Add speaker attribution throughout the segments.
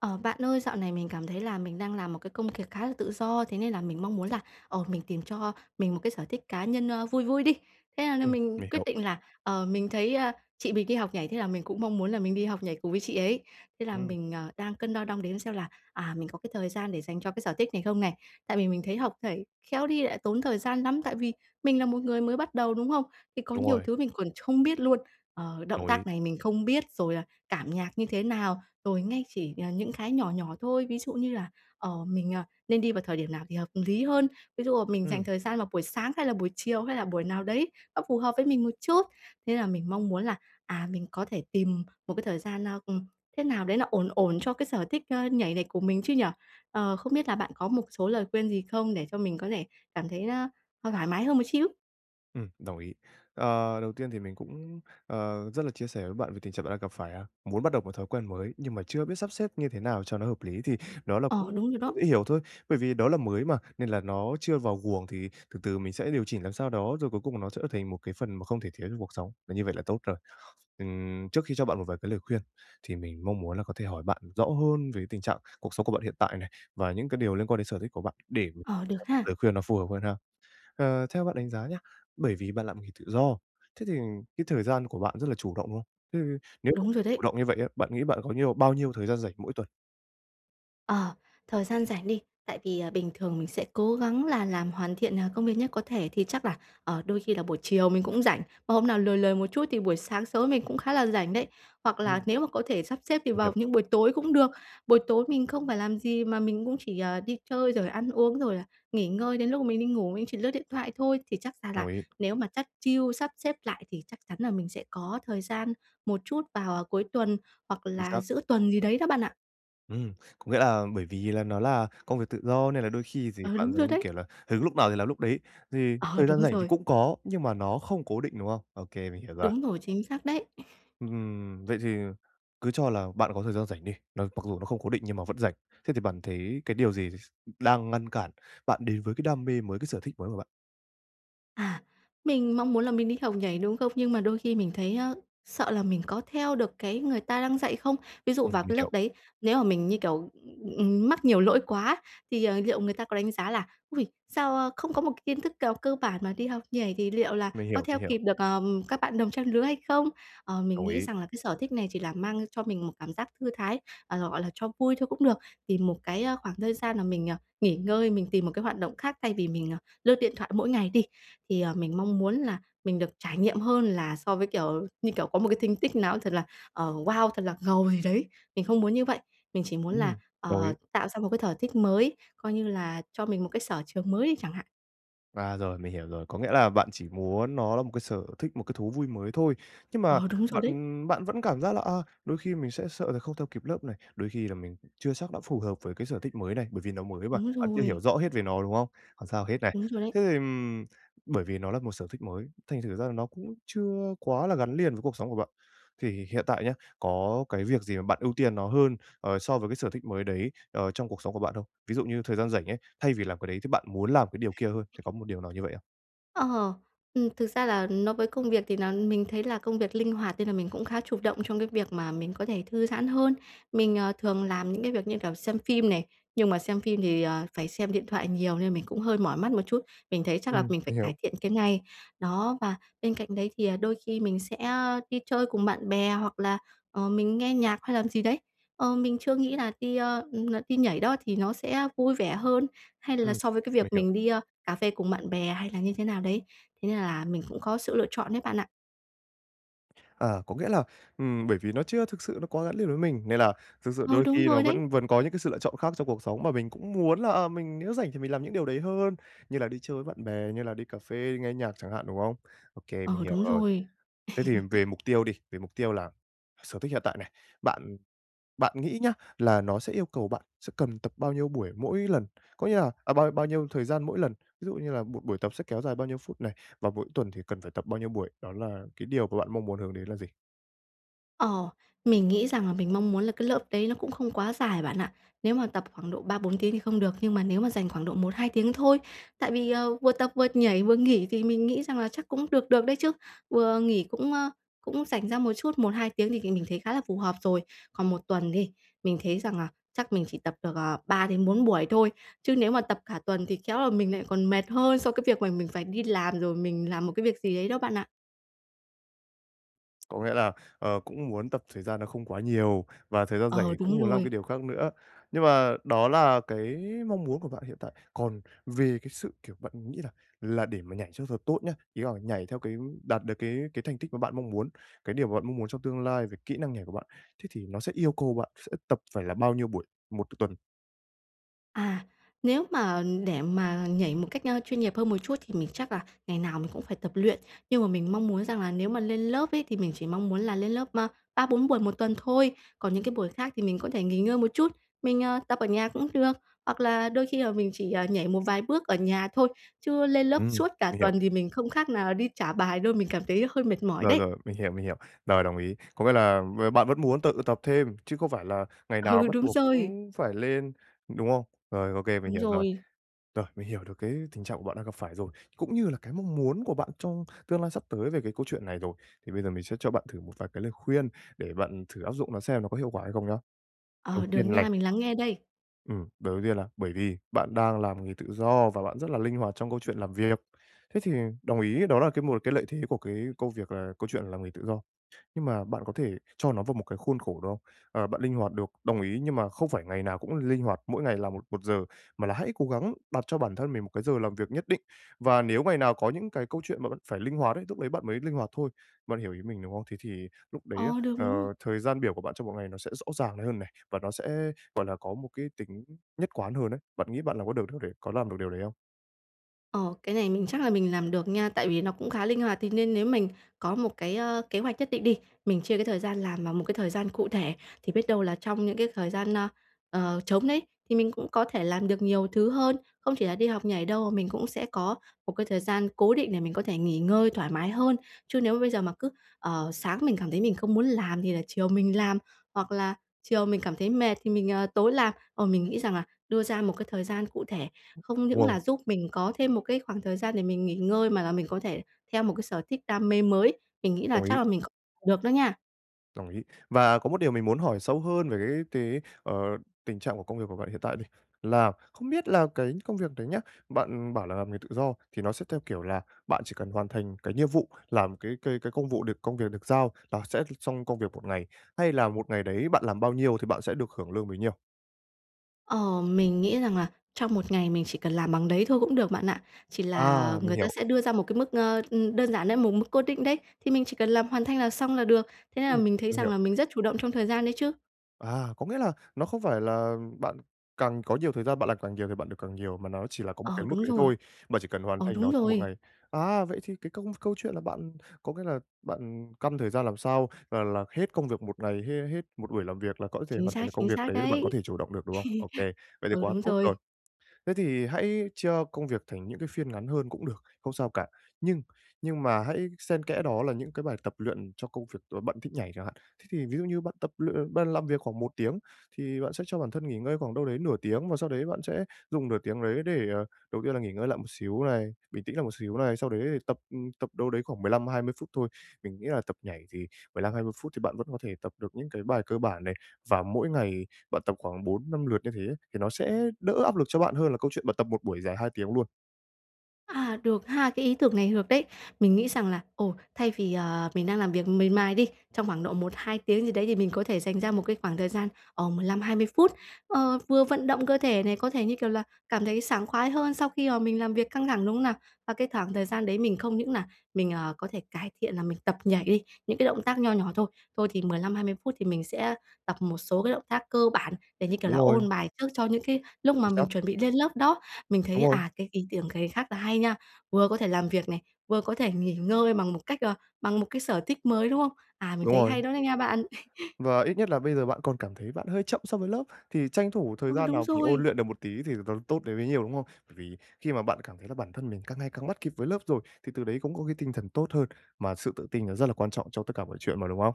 Speaker 1: Ờ, bạn ơi, dạo này mình cảm thấy là mình đang làm một cái công việc khá là tự do, thế nên là mình mong muốn là, ờ, mình tìm cho mình một cái sở thích cá nhân, ơ, vui vui đi. Thế là là
Speaker 2: Ừm,
Speaker 1: mình
Speaker 2: mình
Speaker 1: quyết
Speaker 2: hiểu.
Speaker 1: định là, ờ, mình thấy, à, chị mình đi học nhảy thế là mình cũng mong muốn là mình đi học nhảy cùng với chị ấy. Thế là
Speaker 2: Ừm.
Speaker 1: mình, ờ, đang cân đo đong đếm xem là, à, mình có cái thời gian để dành cho cái sở thích này không này, tại vì mình thấy học nhảy khéo đi lại tốn thời gian lắm. Tại vì mình là một người mới bắt đầu, đúng hông? Thì có
Speaker 2: Đúng
Speaker 1: nhiều
Speaker 2: rồi.
Speaker 1: thứ mình còn ch không biết luôn, ờ,
Speaker 2: Đồng
Speaker 1: động
Speaker 2: ý.
Speaker 1: tác này mình không biết, rồi là cảm nhạc như thế nào. Rồi ngay chỉ, ờ, những cái nhỏ nhỏ thôi, ví dụ như là, ờ, mình, à, nên đi vào thời điểm nào thì hợp lý hơn, ví dụ là mình dành
Speaker 2: Ừm.
Speaker 1: thời gian vào buổi sáng hay là buổi chiều hay là buổi nào đấy nó phù hợp với mình một chút. Thế là mình mong muốn là, à, mình có thể tìm một cái thời gian nao ừm, thế nào đấy nó ổn ổn cho cái sở thích, ơ, nhảy của mình chứ nhỉ. Ờ, không biết là bạn có một số lời khuyên gì không để cho mình có thể cảm thấy, a, thoai thoải mái hơn một xíu.
Speaker 2: Ừm, đồng ý. Ờ, đầu tiên thì mình cũng, ờ, rất là chia sẻ với bạn về tình trạng bạn đang gặp phải á. Muốn bắt đầu một thói quen mới nhưng mà chưa biết sắp xếp như thế nào cho nó hợp lý thì đó là
Speaker 1: Ờ,
Speaker 2: cũng
Speaker 1: đúng rồi đó.
Speaker 2: dễ hiểu thôi. Bởi vì đó là mới mà nên là nó chưa vào guồng, thì từ từ mình sẽ điều chỉnh làm sao đó, rồi cuối cùng nó trở thành một cái phần mà không thể thiếu trong cuộc sống, là như vậy là tốt rồi. Ừm, trước khi cho bạn một vài cái lời khuyên thì mình mong muốn là có thể hỏi bạn rõ hơn về tình trạng cuộc sống của bạn hiện tại này, và những cái điều liên quan đến sở thích của bạn để
Speaker 1: Ờ, được
Speaker 2: cho
Speaker 1: ha.
Speaker 2: lời khuyên nó phù hợp hơn ha. Ờ, theo bạn đánh giá nhá, bởi vì bạn làm nghề tự do, thế thì cái thời gian của bạn rất là chủ động, đúng không? Thế thì nếu mà
Speaker 1: Đúng
Speaker 2: tự
Speaker 1: rồi đấy.
Speaker 2: chủ động như vậy á, bạn nghĩ bạn có nhiều bao nhiêu thời gian rảnh mỗi tuần?
Speaker 1: Ờ, thời gian rảnh đi, tại vì, à, bình thường mình sẽ cố gắng là làm hoàn thiện, à, công việc nhất có thể thì chắc là, ờ, đôi khi là buổi chiều mình cũng rảnh. Và hôm nào lười lười một chút thì buổi sáng sớm mình cũng khá là rảnh đấy hoặc là
Speaker 2: Ừm.
Speaker 1: nếu mà có thể sắp xếp thì
Speaker 2: Mình
Speaker 1: vào
Speaker 2: hiểu.
Speaker 1: những buổi tối cũng được. Buổi tối mình không phải làm gì mà mình cũng chỉ, à, đi chơi rồi ăn uống, rồi là nghỉ ngơi đến lúc mà mình đi ngủ, mình chỉ lướt điện thoại thôi. Thì chắc ra
Speaker 2: Đồng
Speaker 1: là
Speaker 2: ý.
Speaker 1: nếu mà chắt chiu, sắp xếp lại thì chắc chắn là mình sẽ có thời gian một chút vào, à, cuối tuần hoặc
Speaker 2: Chính
Speaker 1: là
Speaker 2: xác.
Speaker 1: giữa tuần gì đấy đó, bạn ạ.
Speaker 2: Ừm, có nghĩa là bởi vì là nó là công việc tự do nên là đôi khi gì
Speaker 1: Ờ,
Speaker 2: bạn
Speaker 1: đúng rồi
Speaker 2: giống như
Speaker 1: đấy!
Speaker 2: kiểu là hứng lúc nào thì làm lúc đấy, thì
Speaker 1: Ờ,
Speaker 2: thời gian
Speaker 1: đúng
Speaker 2: rảnh thì
Speaker 1: rồi!
Speaker 2: cũng có nhưng mà nó không cố định, đúng không? Ô kê, mình hiểu rồi.
Speaker 1: Đúng rồi! Chính xác đấy.
Speaker 2: Ừm, vậy thì cứ cho là bạn có thời gian rảnh đi, nó mặc dù nó không cố định nhưng mà vẫn rảnh. Thế thì bạn thấy cái điều gì s đang ngăn cản bạn đến với cái đam mê mới, cái sở thích mới của bạn?
Speaker 1: À, mình mong muốn là mình đi học nhảy, đúng không? Nhưng mà đôi khi mình thấy, a, sợ là mình có theo được cái người ta đang dạy không. Ví dụ
Speaker 2: Ừm,
Speaker 1: vào
Speaker 2: mình
Speaker 1: cái
Speaker 2: hiểu.
Speaker 1: lớp đấy, nếu mà mình như, kiểu, ừm, mắc nhiều lỗi quá thì, ờ, liệu người ta có đánh giá là "Ôi! Sao, a, không có một cái kiến thức nào cơ bản mà đi học nhảy thì liệu là
Speaker 2: Mình
Speaker 1: có
Speaker 2: hiểu,
Speaker 1: theo
Speaker 2: mình hiểu.
Speaker 1: kịp được, ờ, các bạn đồng trang lứa hay không?". Ờ, mình
Speaker 2: Đồng
Speaker 1: nghĩ
Speaker 2: ý.
Speaker 1: rằng là cái sở thích này chỉ là mang cho mình một cảm giác thư thái, ờ, gọi là, cho vui thôi cũng được, tìm một cái, a, khoảng thời gian mà mình, à, nghỉ ngơi, mình tìm một cái hoạt động khác thay vì mình, à, lướt điện thoại mỗi ngày đi. Thì, à, mình mong muốn là mình được trải nghiệm hơn là so với kiểu như kiểu có một cái thành tích nào ấy, thật là, ờ, wow, thật là ngầu gì đấy. Mình không muốn như vậy, mình chỉ muốn là,
Speaker 2: Ừm, đồng
Speaker 1: ờ,
Speaker 2: ý.
Speaker 1: tạo ra một cái thở thích mới, coi như là cho mình một cái sở trường mới đi chẳng hạn.
Speaker 2: À, rồi, mình hiểu rồi. Có nghĩa là bạn chỉ muốn nó là một cái sở thích, một cái thú vui mới thôi. Nhưng mà
Speaker 1: Ờ, đúng rồi
Speaker 2: bạn
Speaker 1: đấy.
Speaker 2: bạn vẫn cảm giác là, à, đôi khi mình sẽ sợ là không theo kịp lớp này, đôi khi là mình chưa chắc đã phù hợp với cái sở thích mới này, bởi vì nó mới mà,
Speaker 1: Đúng
Speaker 2: bạn chưa hiểu
Speaker 1: rồi.
Speaker 2: rõ hết về nó, đúng không? Không sao hết này.
Speaker 1: Đúng rồi đấy.
Speaker 2: Thế thì, ừm, bởi vì nó là một sở thích mới, thành thử ra là nó cũng chưa quá là gắn liền với cuộc sống của bạn. Thì hiện tại nhá, có cái việc gì mà bạn ưu tiên nó hơn, ờ, so với cái sở thích mới đấy, ờ, trong cuộc sống của bạn không? Ví dụ như thời gian rảnh ấy, thay vì làm cái đấy thì bạn muốn làm cái điều kia hơn, thì có một điều nào như vậy không?
Speaker 1: Ờ. Ừm, thực ra là nó với công việc thì nà mình thấy là công việc linh hoạt nên là mình cũng khá chủ động trong cái việc mà mình có thể thư giãn hơn. Mình, ờ, thường làm những cái việc như, kiểu, xem phim này, nhưng mà xem phim thì, ờ, phải xem điện thoại nhiều nên mình cũng hơi mỏi mắt một chút. Mình thấy chắc là
Speaker 2: Ừm,
Speaker 1: mình phải
Speaker 2: mình hiểu.
Speaker 1: cải thiện cái ngày. Đó, và bên cạnh đấy thì, à, đôi khi mình sẽ đi chơi cùng bạn bè hoặc là, ờ, mình nghe nhạc hay làm gì đấy. Ờ, mình chưa nghĩ là đi, ơ, n đi nhảy đó thì nó sẽ vui vẻ hơn hay là
Speaker 2: Ừm,
Speaker 1: so với cái
Speaker 2: mình
Speaker 1: việc
Speaker 2: hiểu.
Speaker 1: mình đi, a, cà phê cùng bạn bè hay là như thế nào đấy. Thế nên là mình cũng có sự lựa chọn đấy bạn ạ.
Speaker 2: Ờ, có nghĩa là, ừm, bởi vì nó chưa thực sự nó quá gắn liền với mình, nên là thực sự
Speaker 1: Ờ,
Speaker 2: đôi
Speaker 1: đúng
Speaker 2: khi
Speaker 1: rồi
Speaker 2: nó
Speaker 1: đấy.
Speaker 2: vẫn vẫn có những cái sự lựa chọn khác trong cuộc sống mà mình cũng muốn là, ờ, mình nếu rảnh thì mình làm những điều đấy hơn, như là đi chơi với bạn bè, như là đi cà phê, nghe nhạc chẳng hạn, đúng không? Ô kê, mình
Speaker 1: Ờ,
Speaker 2: hiểu
Speaker 1: đúng
Speaker 2: rồi.
Speaker 1: rồi.
Speaker 2: Thế thì về mục tiêu đi, về mục tiêu là sở thích hiện tại này, bạn bạn nghĩ nhá, là nó sẽ yêu cầu bạn sẽ cần tập bao nhiêu buổi mỗi lần, có nghĩa là ờ, bao bao nhiêu thời gian mỗi lần? Ví dụ như là một buổi tập sẽ kéo dài bao nhiêu phút này, và mỗi tuần thì cần phải tập bao nhiêu buổi? Đó là cái điều mà bạn mong muốn hướng đến là gì?
Speaker 1: Ờ, mình nghĩ rằng là mình mong muốn là cái lớp đấy nó cũng không quá dài, bạn ạ. Nếu mà tập khoảng độ 3-4 tiếng thì không được nhưng mà nếu mà dành khoảng độ 1-2 tiếng thôi, tại vì, ờ, vừa tập vừa nhảy vừa nghỉ thì mình nghĩ rằng là chắc cũng được được đấy chứ. Vừa nghỉ cũng, ơ, cũng rảnh ra một chút, 1-2 tiếng thì mình mình thấy khá là phù hợp rồi. Còn 1 tuần đi, mình thấy rằng là chắc mình chỉ tập được, à, 3 đến 4 buổi thôi, chứ nếu mà tập cả tuần thì khéo là mình lại còn mệt hơn so cái việc mà mình phải đi làm rồi mình làm một cái việc gì ấy đó, bạn ạ.
Speaker 2: Có nghĩa là, ờ, cũng muốn tập thời gian nó không quá nhiều và thời gian rảnh
Speaker 1: Ờ,
Speaker 2: thì
Speaker 1: đúng
Speaker 2: cũng muốn làm cái
Speaker 1: rồi.
Speaker 2: điều khác nữa. Nhưng mà đó là cái mong muốn của bạn hiện tại. Còn về cái sự kiểu bạn nghĩ là là để mà nhảy cho thật tốt nhá, ý là nhảy theo cái đạt được cái cái thành tích mà bạn mong muốn, cái điều mà bạn mong muốn trong tương lai về kỹ năng nhảy của bạn, thế thì nó sẽ yêu cầu bạn sẽ tập phải là bao nhiêu buổi 1 tuần?
Speaker 1: À, nếu mà, để mà nhảy một cách, ơ, chuyên nghiệp hơn một chút thì mình chắc là ngày nào mình cũng phải tập luyện. Nhưng mà mình mong muốn rằng là nếu mà lên lớp ấy, thì mình chỉ mong muốn là lên lớp, ơ, 3-4 buổi một tuần thôi, còn những cái buổi khác thì mình có thể nghỉ ngơi một chút, mình, ờ, tập ở nhà cũng được. Hoặc là đôi khi là mình chỉ, à, nhảy một vài bước ở nhà thôi, chứ lên lớp
Speaker 2: Ừm,
Speaker 1: suốt cả
Speaker 2: mình hiểu.
Speaker 1: tuần thì mình không khác nào là đi trả bài đâu, mình cảm thấy hơi mệt mỏi
Speaker 2: Rồi,
Speaker 1: đấy.
Speaker 2: rồi, mình hiểu, mình hiểu. Rồi, đồng ý. Có nghĩa là b bạn vẫn muốn tự tập thêm chứ không phải là ngày nào
Speaker 1: Ừ,
Speaker 2: bắt
Speaker 1: đúng
Speaker 2: buộc
Speaker 1: rồi.
Speaker 2: cũng phải lên, đúng không? Rồi, ô kê, mình
Speaker 1: Đúng
Speaker 2: hiểu rồi.
Speaker 1: rồi.
Speaker 2: Rồi, mình hiểu được cái tình trạng của bạn đang gặp phải rồi, cũng như là cái mong muốn của bạn trong tương lai sắp tới về cái câu chuyện này rồi, thì bây giờ mình sẽ cho bạn thử một vài cái lời khuyên để bạn thử áp dụng nó xem nó có hiệu quả hay không nhá. Đầu
Speaker 1: Ờ, được
Speaker 2: tiên
Speaker 1: nha,
Speaker 2: này
Speaker 1: mình lắng nghe đây.
Speaker 2: Ừm, đầu đầu tiên là bởi vì bạn đang làm nghề tự do và bạn rất là linh hoạt trong câu chuyện làm việc. Thế thì đồng ý đó là cái một cái lợi thế của cái công việc là câu chuyện làm nghề tự do, nhưng mà bạn có thể cho nó vào một cái khuôn khổ được không? Ờ, bạn linh hoạt được, đồng ý, nhưng mà không phải ngày nào cũng l linh hoạt, mỗi ngày làm một một giờ, mà là hãy cố gắng đặt cho bản thân mình một cái giờ làm việc nhất định, và nếu ngày nào có những cái câu chuyện mà bạn phải linh hoạt ấy, lúc ấy bạn mới linh hoạt thôi. Bạn hiểu ý mình, đúng không? Thế thì lúc đấy á,
Speaker 1: Ờ, được, đúng rồi.
Speaker 2: ờ, thời gian biểu của bạn trong một ngày nó sẽ rõ ràng này hơn này và nó sẽ, gọi là, có một cái tính nhất quán hơn ấy. Bạn nghĩ bạn làm có được điều đấy có làm được điều đấy không?
Speaker 1: Ồ, cái này mình chắc là mình làm được nha, tại vì nó cũng khá linh hoạt. Thế nên nếu mình có một cái, ơ, kế hoạch nhất định đi, mình chia cái thời gian làm vào một cái thời gian cụ thể, thì biết đâu là trong những cái thời gian, ơ, ờ, trống đấy thì mình cũng có thể làm được nhiều thứ hơn. Không chỉ là đi học nhảy đâu, mà mình cũng sẽ có một cái thời gian cố định để mình có thể nghỉ ngơi thoải mái hơn. Chứ nếu mà bây giờ mà cứ, ờ, sáng mình cảm thấy mình không muốn làm thì là chiều mình làm, hoặc là chiều mình cảm thấy mệt thì mình, ờ, tối làm. Ờ, mình nghĩ rằng là đưa ra một cái thời gian cụ thể, không
Speaker 2: Đúng
Speaker 1: những
Speaker 2: rồi.
Speaker 1: là giúp mình có thêm một cái khoảng thời gian để mình nghỉ ngơi mà là mình có thể theo một cái sở thích đam mê mới. Mình nghĩ là
Speaker 2: Đồng
Speaker 1: chắc
Speaker 2: ý.
Speaker 1: là mình c được đó nha.
Speaker 2: Đồng ý. Và có một điều mình muốn hỏi sâu hơn về cái cái, ờ, tình trạng của công việc của bạn hiện tại đi. Là không biết là cái công việc đấy nhá, bạn bảo là làm nghề tự do thì nó sẽ theo kiểu là bạn chỉ cần hoàn thành cái nhiệm vụ, làm cái cái cái công vụ được công việc được giao là sẽ l xong công việc một ngày, hay là một ngày đấy bạn làm bao nhiêu thì bạn sẽ được hưởng lương bấy nhiêu?
Speaker 1: Ồ, mình nghĩ rằng là trong một ngày mình chỉ cần làm bằng đấy thôi cũng được, bạn ạ. Chỉ là
Speaker 2: À, mình
Speaker 1: người ta
Speaker 2: hiểu.
Speaker 1: sẽ đưa ra một cái mức, ờ, ừm, đơn giản đấy, một mức cố định đấy, thì mình chỉ cần làm hoàn thành là xong là được thế nên là
Speaker 2: Ừm,
Speaker 1: mình thấy
Speaker 2: mình
Speaker 1: rằng
Speaker 2: hiểu.
Speaker 1: là mình rất chủ động trong thời gian đấy chứ.
Speaker 2: À, có nghĩa là nó không phải là bạn càng có nhiều thời gian, bạn làm càng nhiều thì bạn được càng nhiều, mà nó chỉ là có một cái
Speaker 1: Ờ,
Speaker 2: mức
Speaker 1: đúng
Speaker 2: đấy
Speaker 1: rồi.
Speaker 2: thôi, mà chỉ cần hoàn
Speaker 1: Ờ,
Speaker 2: thành
Speaker 1: đúng
Speaker 2: nó trong một
Speaker 1: rồi!
Speaker 2: ngày. À, vậy thì cái công câu chuyện là bạn có nghĩa là bạn căn thời gian làm sao là làm hết công việc một ngày, hê hết một buổi làm việc là có thể
Speaker 1: Chính
Speaker 2: hoàn
Speaker 1: xác,
Speaker 2: thành được công
Speaker 1: chính
Speaker 2: việc
Speaker 1: xác
Speaker 2: đấy là bạn có
Speaker 1: đấy!
Speaker 2: thể chủ động được, đúng không? Ô kê. Vậy thì
Speaker 1: Ừ,
Speaker 2: quá
Speaker 1: đúng
Speaker 2: tốt
Speaker 1: rồi.
Speaker 2: rồi. Thế thì hãy chia công việc thành những cái phiên ngắn hơn cũng được, không sao cả. Nhưng nhưng mà hãy xen kẽ đó là những cái bài tập luyện cho công việc ờ, bạn thích nhảy chẳng hạn. Thế thì ví dụ như bạn tập luyện bạn làm việc khoảng 1 tiếng thì bạn sẽ cho bản thân nghỉ ngơi khoảng đâu đấy nửa tiếng, và sau đấy bạn sẽ dùng nửa tiếng đấy để, ờ, đầu tiên là nghỉ ngơi lại một xíu này, bình tĩnh lại một xíu này, sau đấy thì tập tập đâu đấy khoảng 15-20 phút thôi. Mình nghĩ là tập nhảy thì 15-20 phút thì bạn vẫn có thể tập được những cái bài cơ bản này, và mỗi ngày bạn tập khoảng 4-5 lượt như thế thì nó sẽ đỡ áp lực cho bạn hơn là câu chuyện bạn tập một buổi dài 2 tiếng luôn.
Speaker 1: À, được ha, cái ý tưởng này được đấy. Mình nghĩ rằng là, ồ, thay vì, ờ, mình đang làm việc miệt mài đi, trong khoảng độ 1-2 tiếng gì đấy, thì mình có thể dành ra một cái khoảng thời gian, ờ, 15-20 phút, ờ, vừa vận động cơ thể này, có thể, như kiểu là, cảm thấy sảng khoái hơn sau khi, ờ, mình làm việc căng thẳng, đúng không nào? Và cái thoảng thời gian đấy mình không những nà mình, ờ, có thể cải thiện nà mình tập nhảy đi, những cái động tác nho nhỏ thôi. Thôi thì 15-20 phút thì mình sẽ tập một số cái động tác cơ bản để, như kiểu
Speaker 2: Đúng
Speaker 1: là,
Speaker 2: rồi.
Speaker 1: ôn bài trước cho những cái lúc mà
Speaker 2: Chính
Speaker 1: mình
Speaker 2: xác.
Speaker 1: chuẩn bị lên lớp đó. Mình
Speaker 2: Đúng
Speaker 1: thấy,
Speaker 2: rồi.
Speaker 1: à, cái ý tưởng cày khác là hay nha. Vừa có thể làm việc này, vừa có thể nghỉ ngơi bằng một cách ờ, bằng một cái sở thích mới, đúng không? À, mình
Speaker 2: Đúng
Speaker 1: thấy hay
Speaker 2: rồi.
Speaker 1: đó đó nha bạn.
Speaker 2: Và ít nhất là bây giờ bạn còn cảm thấy bạn hơi chậm so với lớp, thì tranh thủ thời
Speaker 1: Ừ,
Speaker 2: gian
Speaker 1: đúng
Speaker 2: nào mình ôn
Speaker 1: rồi.
Speaker 2: luyện được một tí thì nó tốt đến bấy nhiêu, đúng không? Bởi vì khi mà bạn cảm thấy là bản thân mình càng ngày càng bắt kịp với lớp rồi, thì từ đấy cũng có cái tinh thần tốt hơn, mà sự tự tin nó rất là quan trọng cho tất cả mọi chuyện mà, đúng không?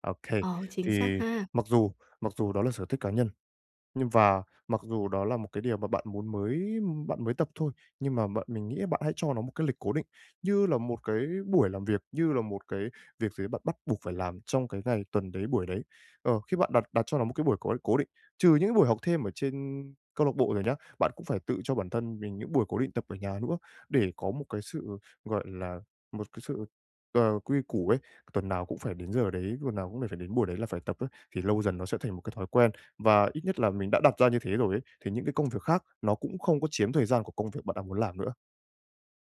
Speaker 2: Okay,
Speaker 1: Ờ, chính
Speaker 2: thì
Speaker 1: xác ha.
Speaker 2: mặc dù mặc dù đó là sở thích cá nhân nhưng và mặc dù đó là một cái điều mà bạn muốn mới bạn mới tập thôi, nhưng mà bạn mình nghĩ là bạn hãy cho nó một cái lịch cố định như là một cái buổi làm việc, như là một cái việc gì ấy bạn bắt buộc phải làm trong cái ngày, tuần đấy, buổi đấy. Ờ, khi bạn đặt đặt cho nó một cái buổi cố cố định, trừ những buổi học thêm ở trên câu lạc bộ rồi nhá, bạn cũng phải tự cho bản thân mình những buổi cố định tập ở nhà nữa để có một cái sự, gọi là, một cái sự, ờ, quy củ ấy. Tuần nào cũng phải đến giờ đấy, tuần nào cũng phải đến buổi đấy là phải tập ấy thì lâu dần nó sẽ thành một cái thói quen, và ít nhất là mình đã đặt ra như thế rồi ấy, thì những cái công việc khác nó cũng không có chiếm thời gian của công việc bạn đang muốn làm nữa.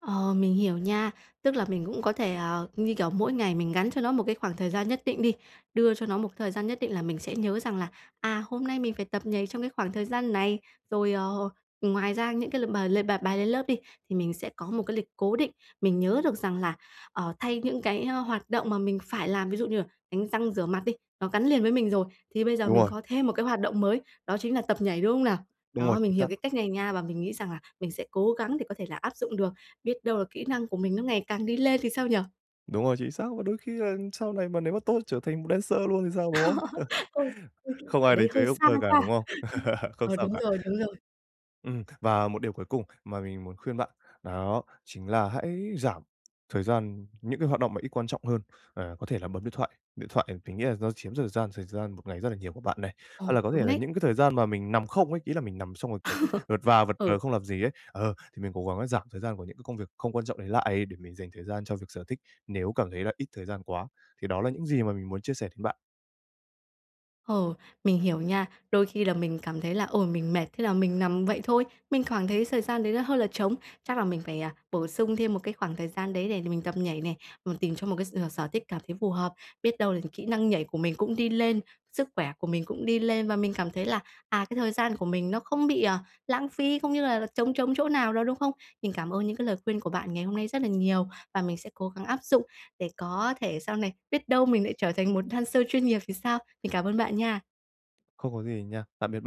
Speaker 1: Ờ, mình hiểu nha. Tức là mình cũng có thể, ờ, như, kiểu, mỗi ngày mình gắn cho nó một cái khoảng thời gian nhất định đi. Đưa cho nó một thời gian nhất định là mình sẽ nhớ rằng là, à, hôm nay mình phải tập nhảy trong cái khoảng thời gian này. Rồi, ờ, ngoài ra những cái l mà l bài bài lên lớp đi, thì mình sẽ có một cái lịch cố định, mình nhớ được rằng là, ờ, thay những cái, ơ, hoạt động mà mình phải làm. Ví dụ như là đánh răng rửa mặt đi, nó gắn liền với mình rồi, thì bây giờ
Speaker 2: Đúng
Speaker 1: mình
Speaker 2: rồi.
Speaker 1: có thêm một cái hoạt động mới, đó chính là tập nhảy, đúng không nào?
Speaker 2: Đúng rồi,
Speaker 1: Đó,
Speaker 2: chính
Speaker 1: mình hiểu
Speaker 2: xác.
Speaker 1: cái cách này nha, và mình nghĩ rằng là mình sẽ cố gắng để có thể là áp dụng được. Biết đâu là kỹ năng của mình nó ngày càng đi lên thì sao nhỉ?
Speaker 2: Đúng rồi, chính xác luôn. Đôi khi là sau này mà nếu mà tốt, trở thành một dancer luôn thì sao, đúng không?
Speaker 1: [unintelligible]
Speaker 2: Không
Speaker 1: Cái
Speaker 2: ai
Speaker 1: đấy
Speaker 2: đánh
Speaker 1: hơi
Speaker 2: thuế cuộc
Speaker 1: xa
Speaker 2: đời cả, đúng
Speaker 1: cha.
Speaker 2: không? Không
Speaker 1: Ờ,
Speaker 2: sao
Speaker 1: đúng
Speaker 2: cả.
Speaker 1: rồi, đúng rồi.
Speaker 2: Ừm, và một điều cuối cùng mà mình muốn khuyên bạn là đó chính là hãy giảm thời gian những cái hoạt động mà ít quan trọng hơn, à, có thể là bấm điện thoại, điện thoại thì mình nghĩ là do chiếm thời gian thời gian một ngày rất là nhiều của bạn này.
Speaker 1: Ồ,
Speaker 2: Hoặc là có thể
Speaker 1: đúng
Speaker 2: là
Speaker 1: đấy.
Speaker 2: những cái thời gian mà mình nằm không ấy, ý là mình nằm xong rồi, kiểu, vật và vật
Speaker 1: Ừ.
Speaker 2: vờ, không làm gì ấy. Ờ, thì mình cố gắng là giảm thời gian của những cái công việc không quan trọng đấy lại, để mình dành thời gian cho việc sở thích, nếu cảm thấy là ít thời gian quá. Thì đó là những gì mà mình muốn chia sẻ đến bạn.
Speaker 1: Ồ, mình hiểu nha. Đôi khi là mình cảm thấy là "Ôi, mình mệt" thế là mình nằm vậy thôi, mình khoảng thấy thời gian đấy nó hơi là trống, chắc là mình phải, à, bổ sung thêm một cái khoảng thời gian đấy để đ mình tập nhảy này, ừm, tìm cho một cái s ừ, sở thích cảm thấy phù hợp. Biết đâu là kỹ năng nhảy của mình cũng đi lên, sức khỏe của mình cũng đi lên và mình cảm thấy là, à, cái thời gian của mình nó không bị, ờ, lãng phí, cũng như là là trống trống chỗ nào đâu, đúng không? Mình cảm ơn những cái lời khuyên của bạn ngày hôm nay rất là nhiều và mình sẽ cố gắng áp dụng để có thể sau này biết đâu mình lại trở thành một dancer chuyên nghiệp thì sao? Mình cảm ơn bạn nha!
Speaker 2: Không có gì nha, tạm biệt b